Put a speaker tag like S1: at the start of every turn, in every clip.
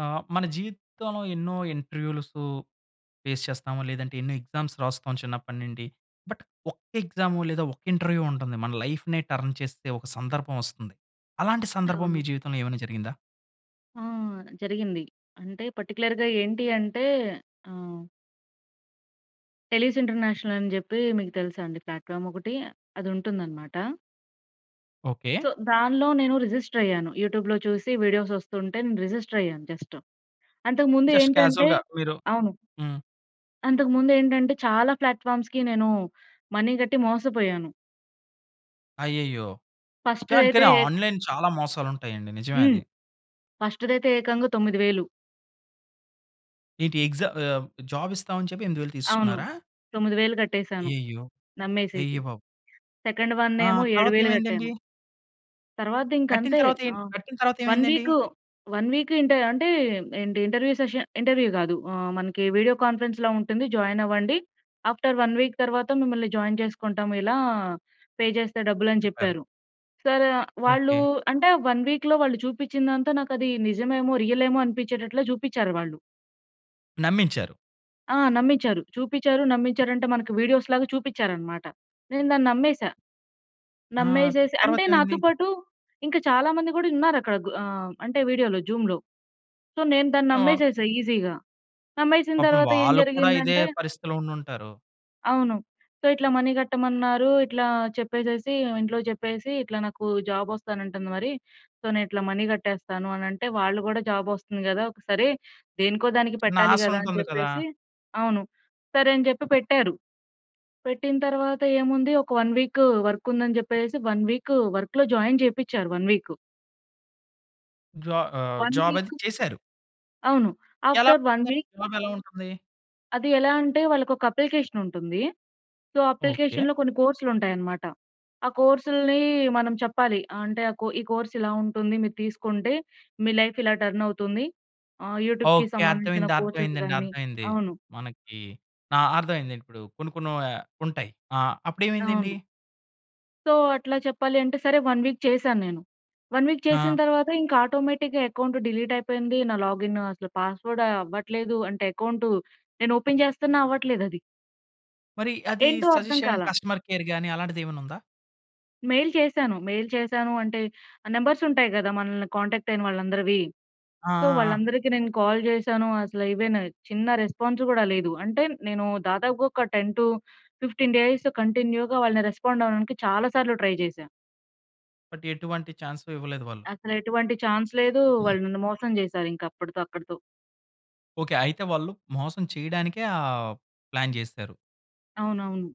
S1: ఆ! మన జీవితంలో ఎన్నో ఇంటర్‌వ్యూ‌లసు ఫేస్ చేస్తాము. లేదంటే ఎన్నో ఎగ్జామ్స్ రాస్తాం చిన్నప్పటినుండి. బట్ ఒక్క ఎగ్జాము లేదా ఒక్క ఇంటర్‌వ్యూ ఉంటుంది. మన లైఫ్‌నే టర్న్ చేస్తే ఒక సందర్భం వస్తుంది. అలాంటి సందర్భం మీ
S2: అవును.
S1: జీవితంలో ఏమైనా జరిగిందా?
S2: ఆ! జరిగింది. అంటే పర్టి‌క్యు‌లర్‌గా ఏంటి అంటే ఆ! టెలిస్ ఇంటర్నేషనల్ అని చెప్పి మీకు తెలుసా అండి ప్లాట్‌ఫా‌మ్ ఒకటి? అది ఉంటుందనమాట.
S1: ఓకే.
S2: సో, దానిలో నేను రిజిస్టర్ అయ్యాను. యూట్యూబ్‌లో చూసి వీడియోస్ వస్తుంటే నేను రిజిస్టర్ అయ్యాను జస్ట్. అంతకు ముందు
S1: జస్ట్
S2: ఏంటంటే
S1: క్యా‌జువ‌ల్‌గా మీరు
S2: అవును.
S1: హ్మ్.
S2: అంతకుముందు ఏంటంటే చాలా ప్లాట్‌ఫా‌మ్స్‌కి నేను మనీ గ‌ట్టి మోసపోయాను.
S1: అయ్యయ్యో!
S2: ఫస్ట్‌
S1: కాన్
S2: అయితే
S1: కానీ
S2: ఏ
S1: ఆన్‌లై‌న్ చాలా మోసాలు ఉంటాయండి. నిజమే
S2: హ్మ్.
S1: అది.
S2: ఫస్ట్‌దైతే ఏకంగా 9000.
S1: ఏంటి ఎగ్జామ్ ఆహ్, జాబ్ ఇస్తాం అని చెప్పి 8000
S2: అవును.
S1: తీసే‌సుకున్నారా?
S2: 9000 కట్టేసాను.
S1: అయ్యయ్యో!
S2: నమ్మేసేసి.
S1: అయ్య బాబు!
S2: సెకండ్
S1: ఆ!
S2: వన్నేమో ఏడు
S1: తర్వాత
S2: వేలు కట్టాను.
S1: ఏవైందండి? కట్టిన
S2: తర్వా‌ద్దింకంతే.
S1: తర్వాత
S2: ఆ!
S1: ఏంట్ కట్టిన తరువాత
S2: వన్
S1: ఏవైందండి?
S2: వీక్, వన్ వీక్ ఇంటె అంటే ఏంటి ఇంటర్‌వ్యూ సెషన్ ఇంటర్‌వ్యూ గా‌దు ఆహ్, మనకి వీడియో కాన్ఫరెన్స్‌‌లా ఉంటుంది. జాయిన్ అవ్వండి. ఆఫ్‌టర్ వన్ వీక్ తరువాత మిమ్మల్ని జాయిన్ చేసుకుంటాం ఇలా పే చేస్తే డబ్బులు అని
S1: చెప్పారు.
S2: చెప్పారు. సరే వ వాళ్ళూ
S1: ఓకే.
S2: అంటే వన్ వీక్‌లో వాళ్ళు చూపించిందంతా నాకు అది నిజమేమో! రియలేమో! అనిపించేటట్లు చూపించారు వాళ్ళు.
S1: నమ్మించారు.
S2: ఆ! నమ్మించారు. చూపిచ్చారు, నమ్మించారంటే, మనకు వీడియోస్‌లాగా చూపిచ్చారనమాట. నేను దాన్ని నమ్మేశా.
S1: ఆ!
S2: నమ్మేసేసి అంటే, నాతో
S1: తర్వాతేమైంది?
S2: పాటు ఇంకా చాలా మంది గూడా ఉన్నారక్కడ. గ్ ఆహ్, అంటే, వీడియోలో జూమ్‌లో సో, నేను దాన్ని
S1: ఆ!
S2: నమ్మేసేశా ఈజీగా. నమ్మేసిన
S1: పాపం
S2: తరవాత ఏం
S1: వాళ్ళు కూడా ఇదే
S2: జరిగిందంటే
S1: పరిస్థితిలో ఉండుంటారు.
S2: అవును. సో, ఇట్లా మనీ గట్టమన్నారు. ఇట్లా చెప్పేసేసీ, ఇంట్లో చెప్పేసీ, ఇట్లా నాకు జాబొస్తానంటంది మరీ, సో, నే ఇట్లా మనీ కట్టేస్తాను అనంటే, వాళ్ళు గూడా జాబొస్తుంది గదా! ఒక సరే. దేనికో దానికి
S1: చిన్న
S2: పెట్టాలి
S1: ఆశ
S2: గదా! అని
S1: ఉంటుంది కదా!
S2: చెప్పేసి అవును. సరే అని జెప్పి పెట్టారు. పెట్టిన తరవాత ఏముంది ఒక 1 వీక్ వర్కుందని జెప్పేసేసి, 1 వీక్ వర్క్‌లో జాయిన్ జేపిచ్చారు 1 వీక్.
S1: జా ఆహ్,
S2: 1
S1: జాబది
S2: వీకు
S1: చేశారు.
S2: అవును.
S1: ఎలా
S2: ఆఫ్టర్ 1
S1: [unintelligible]
S2: వీక్
S1: జాబెలా ఉంటుంది?
S2: అది ఎలా అంటే, వాళ్ళకొక అప్లికేషనుంటుందీ. So,
S1: okay.
S2: అప్లికేషన్‌లో కొన్ని కోర్స్‌లుంటాయనమాట. ఆ కోర్సులునీ మనం చెప్పాలి. అంటే, ఆ కో ఈ కోర్సిలా ఉంటుంది. మీరు తీసుకుంటే, మీ లైఫిలా టర్నవుతుంది. ఆహ్, యూటూబ్‌‌‌‌‌‌‌‌‌‌‌‌‌కి
S1: ఓకే.
S2: సంబందించిన
S1: అర్థమైంది.
S2: కోర్సెస్
S1: అర్థమైందండి.
S2: గానీ
S1: అర్థమైంది.
S2: అవును.
S1: మనకి ఆ! అర్థమైందండి. ఇప్పుడూ కొన్ని కొన్ని ఆహ్, ఉంటాయి. ఆ! అప్పుడేమైందండి?
S2: అవును. సో అట్లా చెప్పాలి అంటే సరే 1 వీక్ చేశాన్నేను. 1 వీక్
S1: ఆ!
S2: చేసింతర్వాత ఇంక ఆటోమేటిక్‌గా అకౌంట్ డిలీట్ అయిపోయింది. నా లాగిన్ అసలు పాస్‌వర్డ్ అవ్వట్లేదు. అంటే అకౌంటు నేను ఓపెన్ చేస్తున్నా అవ్వట్లేదు అది.
S1: మరి అది
S2: ఏంటో అర్థం
S1: సజెస్ట్ చేయడానికి
S2: కాలా.
S1: కస్టమర్ కేర్ గాని అలాంటిదేమన్న ఉందా?
S2: మెయిల్ చేశాను. మెయిల్ చేశాను అంటే నంబర్స్ ఉంటాయి కదా. మనల్ని కాంటాక్ట్ అయిన వాళ్ళందరివి.
S1: ఆ! ఆ!
S2: సో
S1: ఆ!
S2: వాళ్ళందరికి నేను కాల్ చేశాను. అసలు ఏవైనా, చిన్న రెస్పాన్స్ కూడా లేదు. అంటే నేను దాదాపుగా ఒక 10-15 డేస్ కంటిన్యూ‌గా వాళ్ళని రెస్పాండ్ అవ్వడానికి చాలా సార్లు ట్రై చేశా.
S1: బట్ ఎటువంటి చాన్స్ ఇవ్వలేదు వాళ్ళు.
S2: అసలెటువంటి చాన్స్ లేదు. వాళ్ళు నన్ను మోసం చేసారు. ఇంకా అప్పటితో అక్కడితో.
S1: ఓకె. అయితే వాళ్ళు మోసం చేయడానికే ఆ ప్లాన్ చేశారు.
S2: అవునవును.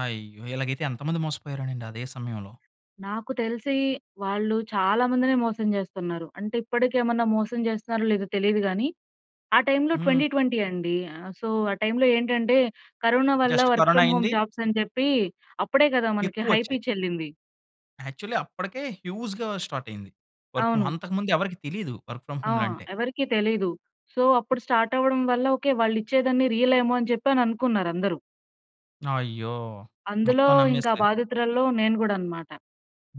S1: అయ్యో! ఇలాగైతే ఎంతమంది మోసపోయారోనండి, అదే సమయంలో.
S2: నాకు తెలిసి, వాళ్ళు చాలా మందినే మోసం చేస్తన్నారు. అంటే ఇప్పటికేమైనా మోసం చేస్తున్నారో లేదో తెలియదు గాని. ఆ టైమ్‌లో
S1: హ్మ్.
S2: 2020 అండి. సో ఆ టైమ్‌‌లో ఏంటంటే కరోనా వల్ల
S1: జస్ట్
S2: వర్క్
S1: కరోనా
S2: ఫ్రమ్ హోమ్
S1: అయింది.
S2: జాబ్స్ అని చెప్పి అప్పుడే కదా మనకి హై
S1: ఎక్కువొచ్చాయి.
S2: పిచ్ ఎల్లింది.
S1: యాక్చువల్లీ అప్పటికే హ్యూజ్‌గా స్టార్ట్ అయింది. Work home.
S2: అవును.
S1: అంతకు ముందు ఎవరికీ తెలియదు. వర్క్ ఫ్రమ్
S2: ఆ!
S1: హోమ్‌లో అంటే.
S2: ఎవరికీ తెలియదు. సో, అప్పుడు స్టార్ట్ అవ్వడం వల్ల ఓకే. వాళ్ళిచ్చేదన్ని రియల్ ఏమో అని చెప్పి అని అనుకున్నారు అందరు.
S1: అయ్యో!
S2: అందులో
S1: మొత్తం
S2: ఇంకా
S1: నమ్మేస్తే
S2: బాధితురాల్లో నేను కూడా అన్నమాట.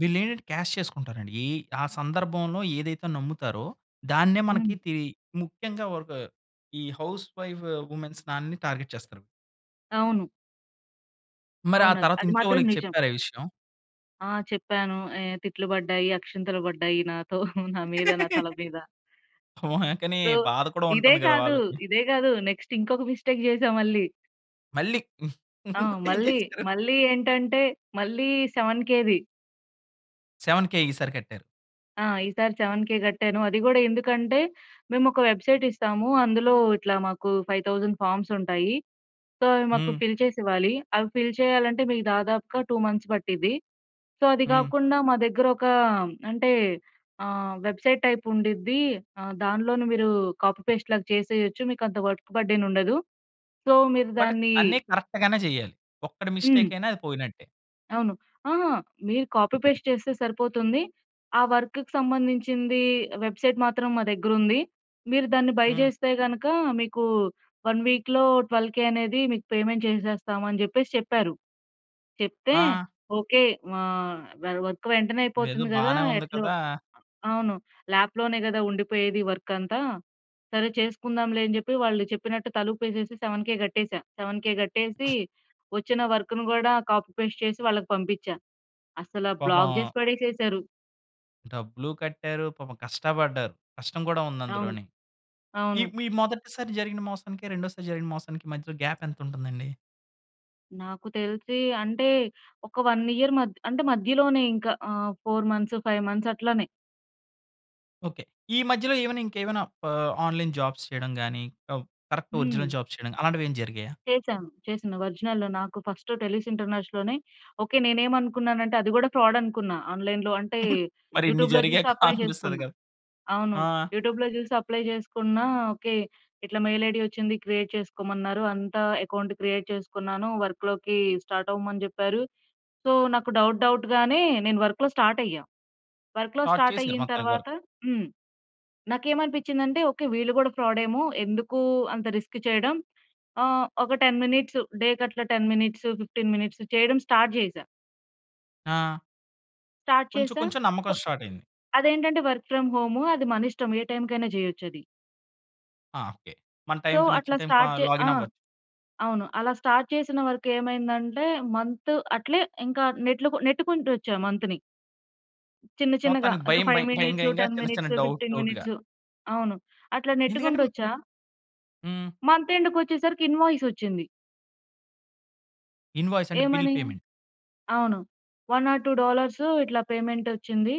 S1: వీళ్లేంటంటే క్యాష్ చేసుకుంటారండి. ఏ ఆ సందర్భంలో ఏదైతే నమ్ముతారో, దాన్నే
S2: హ్మ్.
S1: మనకి తీ ముఖ్యంగా ఒక ఈ హౌస్ వైఫ్ వుమెన్స్ ఆళ్ళన్ని టార్గెట్ చేస్తారు.
S2: అవును.
S1: మరి ఆ
S2: అవును. అన్
S1: తర్వాత
S2: అది
S1: ఇంట్లో
S2: మాత్రం
S1: వాళ్ళకి
S2: నిజం.
S1: చెప్పారా ఈ విషయం?
S2: ఆ! చెప్పాను. ఏ తిట్లు పడ్డాయి, అక్షింతలు పడ్డాయి. నాతో నా మీద, నా తల మీద.
S1: హుహు. కానీ
S2: సో,
S1: బాధ కూడా
S2: ఇదే
S1: ఉంటుంది కదా!
S2: కాదు.
S1: వాళ్ళకి.
S2: ఇదే కాదు. నెక్స్ట్ ఇంకొక మిస్టేక్ చేసా మళ్ళీ.
S1: మళ్ళీ
S2: ఆ!
S1: ఇంకోటి ఏం
S2: మళ్ళీ.
S1: చేసారు?
S2: మళ్ళీ ఏంటంటే మళ్ళీ 7,000ది.
S1: 7,000 ఈసారి కట్టారు.
S2: ఆ! ఈసారి 7,000 కట్టాను. అది కూడా ఎందుకంటే, మేము ఒక వెబ్‌సైట్ ఇస్తాము. అందులో ఇట్లా మాకు 5,000 ఫార్మ్స్ ఉంటాయి. సో, అవి మాకు
S1: హ్మ్.
S2: ఫిల్ చేసి ఇవ్వాలి. అవి ఫిల్ చేయాలంటే మీకు దాదాపుగా 2 మంత్స్ పట్టిద్ది. సో, అది
S1: హ్మ్.
S2: కాకుండా మా దగ్గర ఒక అంటే ఆహ్, వెబ్‌సైట్ టైప్ ఉండుద్ది. ఆహ్, దానిలోను మీరు కాపీ పేస్ట్ లాగా చేసేయొచ్చు. మీకు అంత వర్క్ బర్డెన్ ఉండదు. సో, మీరు
S1: బట్
S2: దాన్ని
S1: అన్నీ కరెక్ట్‌గానే చేయాలి. ఒక్కటి మిస్టేక్
S2: హ్మ్.
S1: అయినా అది పోయినట్టే.
S2: అవును. ఆహా! మీరు కాపీ, పేస్ట్ చేస్తే సరిపోతుంది. ఆ వర్క్‌కు సంబంధించిందీ, వెబ్‌సైట్ మాత్రం మా దగ్గరుంది. మీరు దాన్ని బయ్
S1: హ్మ్.
S2: జేస్తే గనక, మీకు 1 వీక్‌లో 12,000 అనేది మీకు పేమెంట్ చేసేస్తాము అని చెప్పేసి చెప్పారు. చెప్తే,
S1: ఆ!
S2: ఓకే. ఆహ్, వ వర్క్ వెంటనే
S1: ఇదేదో
S2: అయిపోతుంది గదా!
S1: బానే ఉంది
S2: ఎట్లో
S1: కదా
S2: అవును. ల్యాప్‌లోనే గదా! ఉండిపోయేది వర్కంతా. సరే చేసుకుందాంలే అని చెప్పి వాళ్ళు చెప్పినట్టు తలుపేసేసి, 7,000 కట్టేశా. 7,000 కట్టేసీ, వొచ్చిన వర్కును గూడా కాపీ, పేస్ట్ చేసి వాళ్ళకి పంపిచ్చా. అసల బ్లాక్
S1: పాపం
S2: జేసి పడేసేశారు.
S1: డబ్బులూ కట్టారు. పాపం కష్టపడ్డారు. కష్టం గూడా ఉంది
S2: అవును.
S1: అందులోని. ఈ
S2: అవును.
S1: మీ మొదటిసారి జరిగిన మోసానికి, రెండోసారి జరిగిన మోసానికి మధ్యలో గ్యాపెంతుంటుందండి?
S2: నాకు తెలిసి అంటే, ఒక 1 ఇయర్ మధ్ అంటే, మధ్యలోనే ఇంక ఆహ్, 4 మంత్స్, 5 మంత్స్ అట్లానే.
S1: ఓకే. ఈ మధ్యలో ఏవైనా, ఇంకేవైనా ఆహ్, ఆన్‌లైన్ జాబ్స్ చేయడం గానీ అవ్ కరక్ట్ ఒరిజినల్
S2: హ్మ్.
S1: జాబ్స్ చేయడం. అలాంటివేం జరిగాయా?
S2: చేశాను. చేసిన ఒరిజినల్లో నాకు ఫస్ట్ టెలూస్ ఇంటర్నేష్‌ లోనే ఓకే. నేనేమనుకున్నానంటే అది గూడా ఫ్రాడనుకున్నా. ఆన్‌లైన్‌లో అంటే,
S1: మరి ఇన్ని
S2: యూటూబ్‌లో జూసి
S1: జరిగాక
S2: అప్లై
S1: అనిపిస్తది
S2: జేసుకున్నా.
S1: గదా!
S2: అవును.
S1: ఆ!
S2: యూటూబ్‌లో జూసి అప్లై జేసుకున్నా. ఓకే. ఇట్లా మెయిల్ ఐడీ వచ్చింది క్రియేట్ చేసుకోమన్నారు. అంతా ఎకౌంట్ క్రియేట్ చేసుకున్నాను. వర్క్‌లోకీ స్టార్టవ్వమని చెప్పారు. సో, నాకు డౌట్ డౌట్‌గానే, నేను వర్కులో స్టార్టయ్యా. వర్క్‌లో
S1: స్టార్ట్ చేశారు
S2: స్టార్టయ్యిన
S1: మొత్తానికి వర్
S2: తర్వాత హ్మ్. నాకేమనిపించ్చిందంటే ఓకే. వీళ్ళు గూడా ఫ్రాడేమో, ఎందుకూ అంత రిస్క్ చెయడం. ఆ! ఒక 10 మినిట్స్, డే కట్లా 10 మినిట్స్, 15 మినిట్స్ చెయడం స్టార్ట్ జేశా.
S1: ఆ!
S2: స్టార్ట్
S1: కొంచెం,
S2: చేశా.
S1: కొంచెం
S2: కొ
S1: నమ్మకం స్టార్టైంది.
S2: అదేంటంటే వర్క్ ఫ్రమ్ హోము అది మన ఇష్టం. ఏ టైమ్‌కైనా చేయొచ్చు అది.
S1: ఆ! ఓకే. మన
S2: సో,
S1: టైమ్‌కి నచ్చిన
S2: అట్లా
S1: టైమ్‌కి
S2: స్టార్ట్
S1: ఆహ్,
S2: చే ఆ!
S1: లాగిన్ అవ్వ
S2: అవును. అలా స్టార్ట్ చేసిన వర్క్ ఏమైందంటే, మంత్ అట్లే ఇంక నెట్లుకు నెట్టుకుంటూ వచ్చా మంత్‌ని. చిన్న, చిన్నగా
S1: మొత్తానికి
S2: ఇంక,
S1: భయం,
S2: 5
S1: భయం భయం,
S2: మినిట్సు,
S1: భయంగా
S2: 10
S1: చిన్న, చిన్న
S2: మినిట్సు,
S1: డౌట్,
S2: 15
S1: డౌట్‌గా.
S2: మినిట్సు అవును. అట్లా
S1: ఎందుకంటే హ్మ్
S2: నెట్టుకుంటొచ్చా.
S1: హ్మ్.
S2: మంత్ ఎండ్‌కొచ్చేసరికి ఇన్‌వాయిస్ వచ్చింది.
S1: ఇన్‌వాయిస్ అంటే బిల్
S2: ఏమనీ?
S1: పేమెంట్.
S2: అవును. 1 ఆర్ 2 డాలర్సు ఇట్లా పేమెంటొచ్చింది.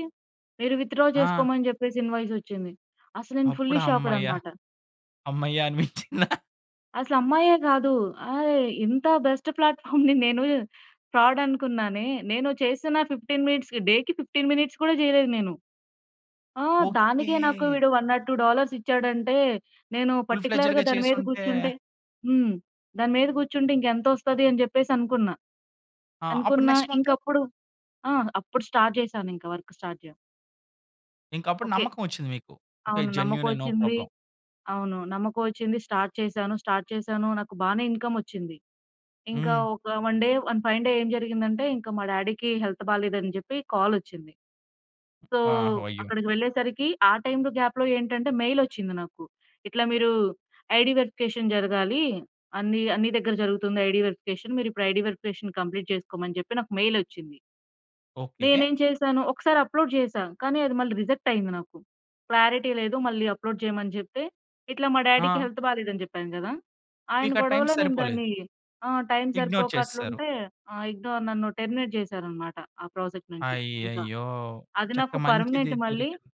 S2: మీరు విత్‌డ్రా
S1: ఆ!
S2: చేసుకోమని చెప్పేసి ఇన్‌వాయిసొచ్చింది. అసలు నేను ఫుల్లీ
S1: అప్పుడు
S2: షాక్‌డ్
S1: హమ్మయ్య!
S2: అనమాట.
S1: అమ్మయ్య అనిపిచ్చిందా?
S2: అసలు అమ్మాయే గాదూ. ఆయి ఇంతా బెస్ట్ ప్లాట్‌ఫామ్‌ని నేను, ఫ్రాడనుకున్నానే, నేను చేసిన, 15 మినిట్స్‌కి డే‌కి 15 మినిట్స్ కూడా చెయ్యలేదు నేను. ఆ! దానికే నాకు
S1: ఓకే.
S2: వీడు 1 ఆర్ 2 డాలర్స్ ఇచ్చాడంటే, నేను
S1: ఫుల్
S2: పర్టిక్యులర్‌గా
S1: ఫ్లెడ్జ్‌డ్‌గా
S2: దాని మీద
S1: చేసుంటే
S2: కూర్చుంటే హ్మ్. దాని మీద కూర్చుంటే, ఇంక ఎంతొస్తది అని చెప్పేసి అనుకున్నా.
S1: ఆ! అప్పుడు
S2: అనుకున్న
S1: నెక్స్ట్
S2: ఇంక
S1: మంత్?
S2: అప్పుడు ఆహ్, అప్పుడు స్టార్ట్ చేశాను. ఇంక వర్క్ స్టార్ట్ యా
S1: ఇంక అప్పుడు
S2: ఓకే.
S1: నమ్మకం వచ్చింది మీకు. ఓకే
S2: అవును. నమ్మకం
S1: జెన్యూనే నో
S2: వచ్చింది.
S1: ప్రాబ్లమ్.
S2: అవును. నమ్మకం వచ్చింది. స్టార్ట్ చేశాను. స్టార్ట్ చేశాను, నాకు బాగానే ఇన్‌కమ్ వచ్చింది. ఇంకా
S1: హ్మ్.
S2: ఒక one day, one fine day ఏం జరిగిందంటే ఇంకా మా డాడీ‌కి హెల్త్ బాలేదని చెప్పి కాల్ వచ్చింది. సో
S1: ఆహ్! అయ్యో!
S2: అక్కడికి వెళ్ళేసరికి ఆ టైమ్‌లో గ్యాప్‌లో ఏంటంటే మెయిల్ వచ్చింది నాకు. ఇట్లా మీరు ఐడీ వెరిఫికేషన్ జరగాలి. అన్ని అన్ని దగ్గర జరుగుతుంది. ఐడీ వెరిఫికేషన్ మీరు ఐడీ వెరిఫికేషన్ కంప్లీట్ చేసుకోమని చెప్పి నాకు మెయిలోచ్చింది.
S1: ఓకే.
S2: నేనేమి చేశాను. ఒక్కసారి అప్లోడ్ చేశాను. కానీ అది మళ్ళి రిజెక్ట్ అయింది నాకు. క్లారిటీ లేదు మళ్ళీ అప్లోడ్ చేయమని చెప్తే, ఇట్లా మా డాడీ‌కి
S1: ఆ!
S2: హెల్త్ బాలేదని చెప్పాను కదా! ఆయన
S1: మీకా టైమ్
S2: గొడవలో నేను
S1: సరిపోలేదు.
S2: దాన్ని ఆ! టైమ్‌
S1: ఇగ్నోర్
S2: సరిపోక
S1: చేసేసారు.
S2: అట్లుంటే ఆ! ఇగ్నోర్ నన్ను టెర్మినేట్ చేసారన్నమాట ఆ ప్రాజెక్ట్ నుంచి ఇంక.
S1: అయ్యయ్యో!
S2: అది
S1: చక్క
S2: నాకు
S1: మంచిది
S2: పర్మనెంట్ మళ్ళీ
S1: దొరికింది.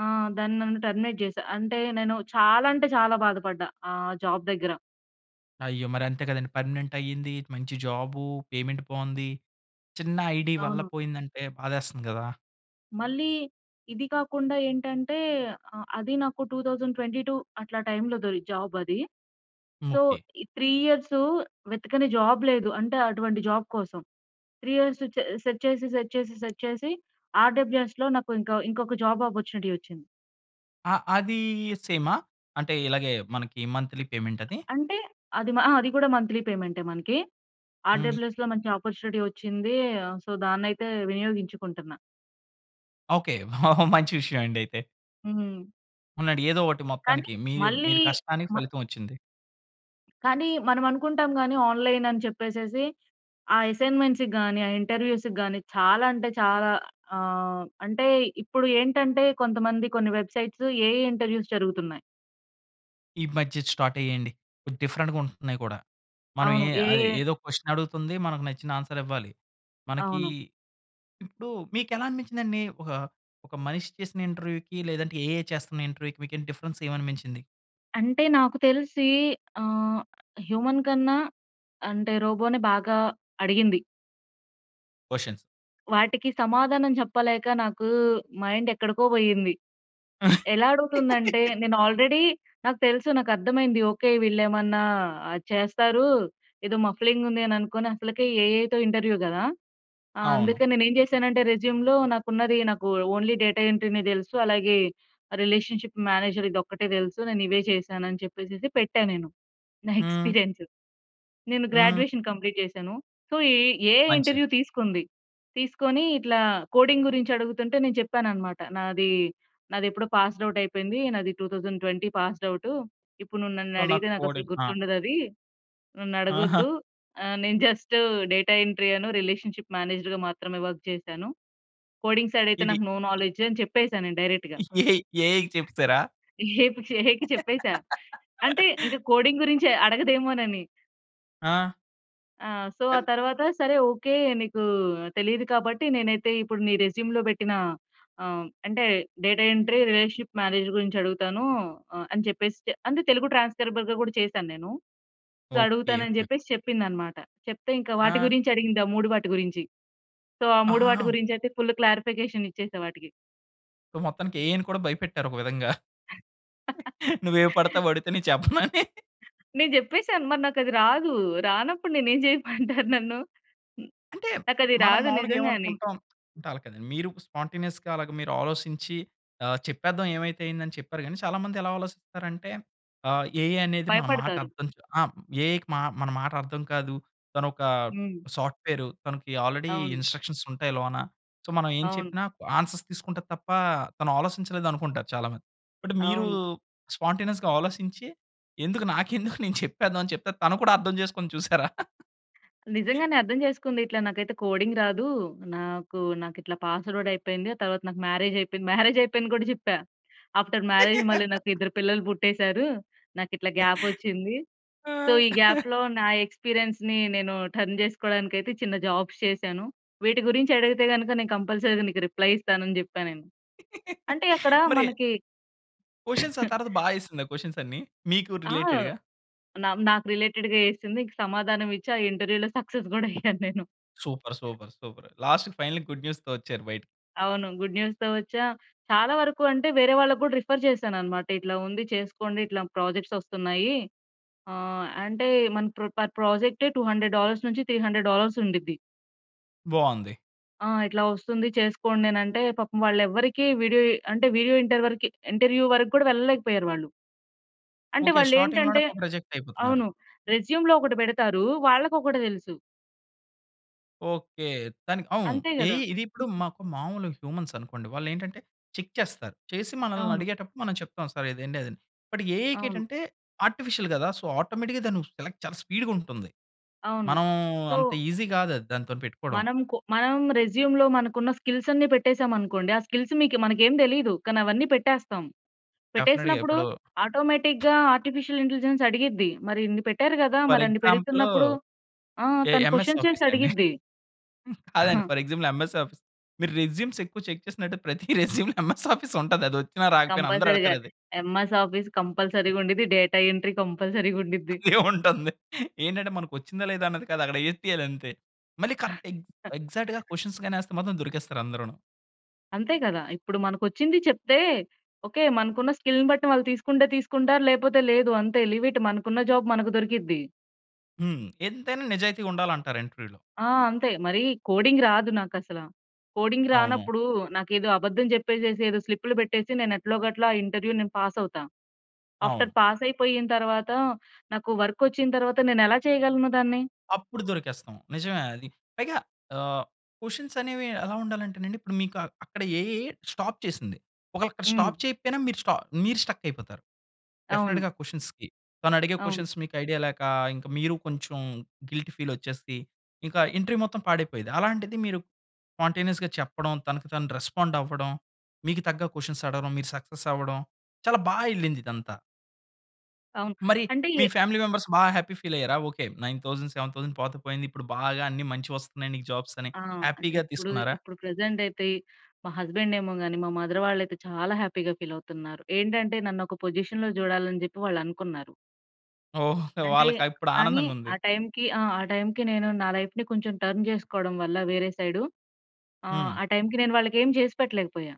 S2: ఆ! దాన్ని నన్ను టెర్మినేట్ చేసారు. అంటే నేను చాలా అంటే చాలా బాధపడ్డా ఆహ్, జాబ్ దగ్గర.
S1: అయ్యో! మరంతే కదండి. పర్మనెంట్ అయ్యింది. మంచి జాబు. పేమెంట్ బాగుంది. చిన్న ఐడీ వల్ల
S2: అవును.
S1: పోయిందంటే బాధేస్తుంది కదా!
S2: మళ్ళీ ఇది కాకుండా ఏంటంటే ఆహ్, అది నాకు 2022 అట్లా టైమ్‌లో దొరి జాబ్ అది. సో
S1: ముకి.
S2: ఈ 3 ఇయర్స్ వెతకని జాబ్ లేదు. అంటే అటువంటి జాబ్ కోసం. 3 ఇయర్స్ స సెర్చ్ చేసి సెర్చ్ చేసి సెర్చ్ చేసి ఆర్‌డబ్ల్యుఎస్‌‌లో నాకింక ఇంకొక జాబ్ ఆపర్చునిటీ వచ్చింది.
S1: ఆహ్, అదీ సేమా? అంటే ఇలాగే మనకి మంత్‌లీ పేమెంట్ అది?
S2: అంటే అది మా అది గూడా మంత్లీ పేమెంటే మనకి.
S1: హ్మ్.
S2: ఆర్‌డబ‌ల్యూఎ‌స్‌లో మంచి అపార్చునిటీ వచ్చింది. ఆహ్, సో దాన్ని అయితే వినియోగించుకుంటన్నా.
S1: ఓకె. ఓహ్! మంచి విషయం అండి అయితే.
S2: హ్మ్.
S1: ఉన్నాడు. ఏదో ఒకటి
S2: కానీ
S1: మొత్తానికి మీరు
S2: మళ్ళీ
S1: మీరు కష్టానికి
S2: మ
S1: ఫలితం వచ్చింది.
S2: కానీ మనం అనుకుంటాం గానీ ఆన్‌లై‌న్ అని చెప్పేసేసి, ఆ ఎ‌సైన్‌మెం‌ట్స్‌కి గానీ, ఆ ఇంటర్‌వ్యూ‌స్‌కి గానీ చాలా అంటే చాలా ఆహ్, అంటే ఇప్పుడు ఏంటంటే కొంతమంది కొన్ని వెబ్‌సై‌ట్స్ ఏఐ ఇంటర్‌వ్యూ‌స్ జరుగుతున్నాయి.
S1: ఈ మధ్య ఇది స్టార్ట్ అయ్యయండి. డిఫరెంట్‌గా ఉంటున్నాయి కూడా. మనం
S2: అవును.
S1: ఏ
S2: ఏఐ
S1: అది ఏదో క్య‌షన్ అడుగుతుంది. మనకు నచ్చిన ఆన్‌స‌ర్ ఇవ్వాలి. మనకీ
S2: అవును.
S1: ఇప్పుడు మీకు ఎలా అనిపించిందండి? ఒక, ఒక మనిషి చేసిన ఇంటర్‌వ్యూ‌కి లేదంటే ఏఐ చేస్తున్న ఇంటర్‌వ్యూ‌కి మీకు డిఫరెన్స్ ఏమి అనిపించింది?
S2: అంటే నాకు తెలిసీ ఆహ్, హ్యూమన్ కన్నా అంటే రోబో‌నే బాగా అడిగింది.
S1: క్వషన్స్.
S2: వాటికి సమాధానం చెప్పలేక నాకూ మైండ్ ఎక్కడికో‌పోయింది. ఎలా అడుగుతుంది అంటే నేను ఆల్రెడీ నాకు తెలుసు నాకు అర్థమైంది. ఓకె. వీళ్ళు ఏమన్నా ఆహ్, చేస్తారు. ఏదో మఫ్లింగ్ ఉంది అని అనుకోని అసలకే ఏ‌ఐ‌తో ఇంటర్‌వ్యూ గదా. ఆ!
S1: అవును.
S2: అందుకే నేను ఏమి చేశాను అంటే రెస్యూమ్‌లో నాకు ఉన్నది నాకు ఓన్లీ డేటా ఎంట్రీ‌నే తెలుసు, అలాగే రిలేషన్‌షిప్ మేనేజర్ ఇది ఒక్కటే తెలుసు. నేను ఇవే చేశాను అని చెప్పేసి పెట్టా నేను, నా
S1: హ్మ్.
S2: ఎక్స్‌పీ‌రియన్స్. నేను
S1: హ్మ్.
S2: గ్రాడ్యుయేషన్ కంప్లీట్ చేశాను. సో ఈ ఏఐ
S1: మంచిది.
S2: ఇంటర్‌వ్యూ తీసుకుంది. తీసుకోని ఇట్లా కోడింగ్ గురించి అడుగుతుంటే నేను చెప్పానన్నమాట. నాది, నాది ఎప్పుడో పాస్డ్ అవుట్ అయిపోయింది. నాది 2020 పాస్డ్ అవుటూ. ఇప్పుడు నువ్వు నన్ను
S1: సో నాకు
S2: అడిగితే నాకు అసలు
S1: కోడింగ్ ఆ!
S2: గుర్తుండదు అదీ నన్ను అడగొ‌ద్దు
S1: ఆహా!
S2: ఆహ్, నేను జస్ట్ డేటా ఎంట్రీ అను, రిలేషన్‌షిప్ మేనేజర్‌గా మాత్రమే వర్క్ చేశాను. కోడింగ్ సైడ్ అయితే
S1: ఇది
S2: నాకు నో నాలెడ్జ్ అని చెప్పేసా నేను డైరెక్ట్‌గా.
S1: ఏఐ‌ ఏఐ‌కి చెప్పెసారా?
S2: [unintelligible] ఏఐకి చెప్పేసా అంటే ఇంక కోడింగ్ గురించి అడగదేమోనని!
S1: ఆ!
S2: ఆ! సో, ఆ
S1: ఎన్
S2: తరువాత "సరే ఒకే, నీకు తెలీదు కాబట్టి నేనైతే ఇప్పుడు నీ రెజ్యూమ్‌లో పెట్టిన ఆహ్, అంటే డేటా ఎంట్రీ, రీ‌లేషన్‌షిప్ మేనేజర్ గురించి అడుగుతాను" అని చెప్పేసి అంటే తెలుగు ట్రాన్స్‌స్క్రయిబర్‌గా కూడా చేశాను నేను.
S1: ఓకే.
S2: అడుగుతాను అని
S1: ఓకే.
S2: చెప్పేసి చెప్పిందన్నమాట. చెప్తే ఇంకా వాటి
S1: ఆ!
S2: గురించి అడిగింది, ఆ మూడు వాటి గురించి. సో, ఆ మూడు వాటి
S1: అహహా!
S2: గురించి అయితే ఫుల్ క్లారిఫికేషన్ ఇచ్చేసా వాటికి.
S1: సో, మొత్తానికి ఏఐ‌ని కూడా భయపెట్టారు ఒక విధంగా. నువ్వు ఏవి పడితే అవి అడిగితే నేను చెప్పనని.
S2: నే చెప్పేసాను మరి నాకది రాదు, రానప్పుడు నేనేమి చేయమంటారు నన్ను. న్
S1: అంటే,
S2: నాకది
S1: మనం
S2: రాదు
S1: మావులుగా
S2: నిజంగానే.
S1: ఏమనుకుంటాం. అంటే అలా కాదండి. మీరు స్పాంటేనియస్‌గా అలాగా మీరు ఆలోచించి ఆహ్, చెప్పేదాం ఏవైతే అయింది అని చెప్పారు. కానీ, చాలా మంది ఎలా ఆలోచిస్తారు అంటే ఆహ్, ఏఐ అనేది మన మాట
S2: భయపడతారు.
S1: అర్థం చ్ ఆ! ఏఐకి మా మన మాట అర్థం కాదు. తన ఒక
S2: హ్మ్.
S1: సాఫ్ట్‌వెర్ తనకి ఆల్రెడీ
S2: అవును.
S1: ఇన్‌స్ట్రక్‌షన్స్ ఉంటాయి లోన. సో, మనం ఏం
S2: అవును.
S1: చెప్పినా ఆన్‌సర్స్ తీసుకుంటది తప్ప తను ఆలసించలేదనుకుంటారు చాలా మంది. బట్ మీరు
S2: అవును.
S1: స్పాంటేనియస్‌గా ఆలోసించి ఎందుకు నాకెందుకు నేను చెప్పేద్దాం అని చెప్తే, తను కూడా అర్థం చేసుకుంది చూసారా.
S2: నిజంగానే అర్థం చేసుకుంది. ఇట్లా నాకైతే కోడింగ్ రాదు. నాకు నాకు ఇట్లా పాస్వర్డ్ అయిపోయింది. తరువాత నాకు మ్యారేజ్ అయిపోయింది. మ్యారేజ్ అయిపోయింది కూడా చెప్పా. ఆఫ్టర్ మ్యారేజ్ మళ్ళి నాకు ఇద్దరు పిల్లలు పుట్టేసారు. నాకిట్లా గ్యాప్ వచ్చింది.
S1: ఆ!
S2: సో, ఈ గ్యాప్‌లో నా ఎక్స్‌పీరియన్స్‌ని నేను టర్న్ చేసుకోడానికయితే చిన్న జాబ్స్ చేశాను. వీటి గురించి అడిగితే గనుక నేను కంపల్సరీ నీకు రిప్లయ్ ఇస్తాను అని చెప్పా నేను. అంటే అక్కడ
S1: మరి
S2: మనకి
S1: క్వెషన్స్ ఆ తరువాత బా ఎసిందా? క్వెషన్స్ అన్నీ, మీకు
S2: ఆ!
S1: రిలేటెడ్‌గా?
S2: నా నాకు రిలే‌టెడ్‌గా ఏసింది, ఇంక సమాధానం ఇచ్చి ఆ ఇంటర్వ్యూలో సక్సెస్ కూడా అయ్యాను నేను.
S1: సూపర్. సూపర్. సూపర్. లాస్ట్‌కి ఫైనల్లి గుడ్ న్యూస్‌తో వచ్చారు బయటకి.
S2: అవును. గుడ్ న్యూస్‌తో వచ్చా. చాలా వరకు అంటే, వేరే వాళ్ళకి కూడా రిఫర్ చేశాను అన్నమాట. ఇట్లా ఉంది చేసుకోండి. ఇట్లా ప్రాజెక్ట్స్ వస్తున్నాయి. ఆహ్, అంటే మన ప్ర పర్ ప్రాజె‌క్టే 200 డాలర్స్ నుంచి 300 డాలర్స్ ఉండిద్ది.
S1: బావుంది.
S2: ఆ! ఇట్లా వస్తుంది. చేసుకోండి, అనంటే, పాపం వాళ్ళెవ్వరికి వీడియో అంటే వీడియో ఇంటర్ వరకి, ఇంటర్వ్యూ వరకు కూడా వెళ్ళలేకపోయారు వాళ్ళు. అంటే
S1: ఓకే. స్టార్టింగ్‌లోనే
S2: వాళ్ళేంటంటే
S1: పాపం రిజెక్ట్ అయిపోతున్నారు.
S2: అవును. రెజ్యూమ్‌లో ఒకటి పెడతారు. వాళ్ళకొకటి తెలుసు.
S1: ఓకే. దానికి అవును.
S2: అంతే కదా!
S1: ఏఐ ఇది ఇప్పుడు మాకు మామూలు హ్యూమన్స్ అనుకోండి, వాళ్ళేంటంటే చెక్ చేస్తారు. చేసి మనల్ని
S2: అవును.
S1: అడిగేటప్పుడు మనం చెప్తాం. సార్ ఇది అండీ, అది అండీ అని. బట్ ఏఐ‌కి
S2: అవును.
S1: ఏంటంటే ఆర్టిఫిషియల్ కదా! సో, ఆటోమేటిక్‌గా దాన్ని సెలెక్ట్ చాలా స్పీడ్‌గుంటుంది.
S2: అవును.
S1: మనం
S2: సో
S1: అంత ఈజీ కాదది దాంతోని పెట్టుకోవడం.
S2: మనం కో మనం రెజ్యూమ్‌లో మనకున్న స్కిల్స్ అన్ని పెట్టేసాం అనుకోండి, ఆ స్కిల్స్ మికి మనకు ఏమి తెలియదు. కానీ అవన్నీ పెట్టేస్తాం.
S1: డెఫ్‌నెట్‌గా.
S2: పెట్టేసినప్పుడు,
S1: ఇప్పుడు
S2: ఆటోమేటిక్‌గా ఆర్టిఫిషియల్ ఇంటెలిజెన్స్ అడిగిద్ది. మరి ఇన్ని పెట్టారు కదా!
S1: ఫర్
S2: మరి అన్ని
S1: ఎగ్జాంపులు
S2: పెడుతున్నప్పుడు ఆ!
S1: ఎ
S2: తను
S1: ఎంఎస్
S2: క్వెషన్ చేసి
S1: ఆఫీస్ అండి.
S2: అడిగిద్ది.
S1: కాదండి
S2: హా!
S1: For example MS office. మీరు రెజ్యూమ్స్ ఎక్కువ చెక్ చేసినట్టయితే ప్రతి రెస్యూమ్‌లో ఎంఎస్ ఆఫీస్ ఉంటది. అదొచ్చిన రాకపోయినా
S2: కంపల్సరీ‌గా.
S1: అందరెడతారది.
S2: ఎంఎస్ ఆఫీస్ కంపల్సరీ‌గా ఉండిద్ది. డేటా ఎంట్రీ కంపల్సరీ‌గా ఉండిద్ది.
S1: అదే ఉంటంది. ఏంటంటే మనకు వచ్చిందా, లేదా, అన్నది కాదు. అక్కడ ఏసేయాలంతే. మళ్ళీ కరెక్ట్ ఎగ్జ్ ఎగ్జాక్ట్‌గా క్వెషన్స్ గాని ఏస్తే మాత్రం, దొరికేస్తారు అందరూను.
S2: అంతే కదా! ఇప్పుడు మనకొచ్చింది చెప్తే ఓకే. మనకున్న స్కిల్‌ని బట్టి వాళ్ళు తీసుకుంటే తీసుకుంటారు లేకపోతే లేదు. అంతే లీవ్ ఇట్ మనకున్న జాబ్ మనకు దొరికిద్ది.
S1: హ్మ్. ఎంతైనా నిజాయితీగా ఉండాలంటారు ఇంటర్వ్యూలో.
S2: ఆ! అంతే. మరి కోడింగ్ రాదు నాకసల. కోడింగ్
S1: అవును.
S2: రానప్పుడు నాకేదో అబద్ధం చెప్పేసేసి, ఏదో స్లిప్‌లు పెట్టేసి, నేను ఎట్లోగట్ల ఆ ఇంటర్వ్యూ నేను పాస్ అవుతా. ఆఫ్టర్
S1: అవును.
S2: పాస్ అయిపోయిన తరువాత నాకు వర్క్ వచ్చిన తరువాత నేనెలా చేయగలను దాన్ని.
S1: అప్పుడు దొరికేస్తాం. నిజమే అది పైగా ఆహ్, క్వెషన్స్ అనేవి ఎలా ఉండాలంటేనండి, ఇప్పుడు మీకు అక్కడ ఏఐ స్టాప్ చేసింది. ఒకవేళ అక్కడ స్టాప్
S2: హ్మ్.
S1: చేయకపోయినా, మీరు స్ట మీరు స్ట్రక్ అయిపోతారు.
S2: అవును.
S1: డెఫినిట్‌గా క్వెషన్స్‌కి తనడిగే
S2: అవును.
S1: క్వెషన్స్ మీకు ఐడియా లేక, ఇంకా మీరు కొంచెం గిల్టీ ఫీల్ వచ్చేసి, ఇంకా ఇంటర్వ్యూ మొత్తం పాడైపోయేది. అలాంటిది మీరు స్పాంటేనియస్‌గా చెప్పడం, తనకు తాను రెస్పాండ్ అవ్వడం, మీకు తగ్గ క్వెషన్స్ అడగడం, మీరు సక్సెస్ అవ్వడం, చాలా బాగా వెళ్ళింది ఇదంతా.
S2: అవును.
S1: మరి
S2: అంటే
S1: మీ
S2: ఏ
S1: ఫ్యామిలీ మెంబర్స్ బాగా హ్యాపీ ఫీల్ అయ్యారా. ఓకే 9000, 7000 పోతే పోయింది. ఇప్పుడు బాగా అన్ని మంచివొస్తున్నాయి నీకు జాబ్స్ అని
S2: ఆ! అంటే
S1: హ్యాపీగా
S2: ఇప్పుడు,
S1: తీసుకున్నారా?
S2: ఇప్పుడు ప్రెజెంట్ అయితే మా హస్బండ్ ఏమో గాని, మా మదర్ వాళ్ళయితే చాలా హ్యాపీగా ఫీల్ అవుతున్నారు. ఏంటంటే నన్ను ఒక పొజిషన్‌లో చూడాలని చెప్పి వాళ్ళనుకున్నారు.
S1: ఓహ్!
S2: అంటే
S1: వాళ్ళకి ఇప్పుడు
S2: కానీ
S1: ఆనందంగా ఉంది.
S2: ఆ టైమ్‌కి ఆ! ఆ టైమ్‌కి నేను నా లైఫ్‌ని కొంచెం టర్న్ చేసుకోవడం వల్ల వేరే సైడు ఆ!
S1: హ్మ్.
S2: ఆ టైమ్‌కి నేను వాళ్ళకి ఏమి చేసిపెట్టలేకపోయా.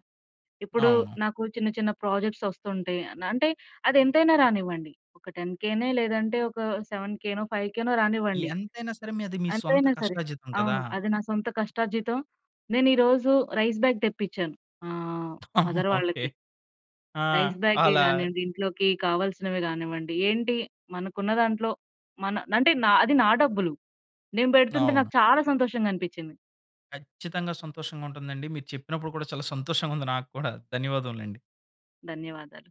S2: ఇప్పుడు
S1: అవును.
S2: నాకు చిన్న చిన్న ప్రాజెక్ట్స్ వస్తుంటాయి. అంటే అదెంతైనా రానివ్వండి. ఒక టెన్‌కెనో లేదంటే ఒక సెవెన్‌కెనో ఫైవ్‌కెనో రానివ్వండి.
S1: ఎంతైనా సరే మీ అది మీ సొంత
S2: ఎంతైనా సరే.
S1: కష్టార్జితం కదా!
S2: అవును. అది నా సొంత కష్టార్జితం. నేను ఈరోజు రైస్ బాగ్ తెప్పించాను మా మదర్
S1: ఓకే.
S2: వాళ్ళకి.
S1: ఆ!
S2: రైస్ బాగే
S1: అలా.
S2: కానివ్వండి, ఇంట్లోకి కావాల్సినవి కానివ్వండి. ఏంటి, మనకున్న దాంట్లో మన అంటే నా అది నా డబ్బులు. నేను పెడుతుంటే
S1: అవును.
S2: నాకు చాలా సంతోషంగా అనిపించింది.
S1: కచ్చితంగా సంతోషంగా ఉంటుందండి. మీరు చెప్పినప్పుడు కూడా చాలా సంతోషంగా ఉంది నాకు కూడా, ధన్యవాదములండి.
S2: ధన్యవాదాలు.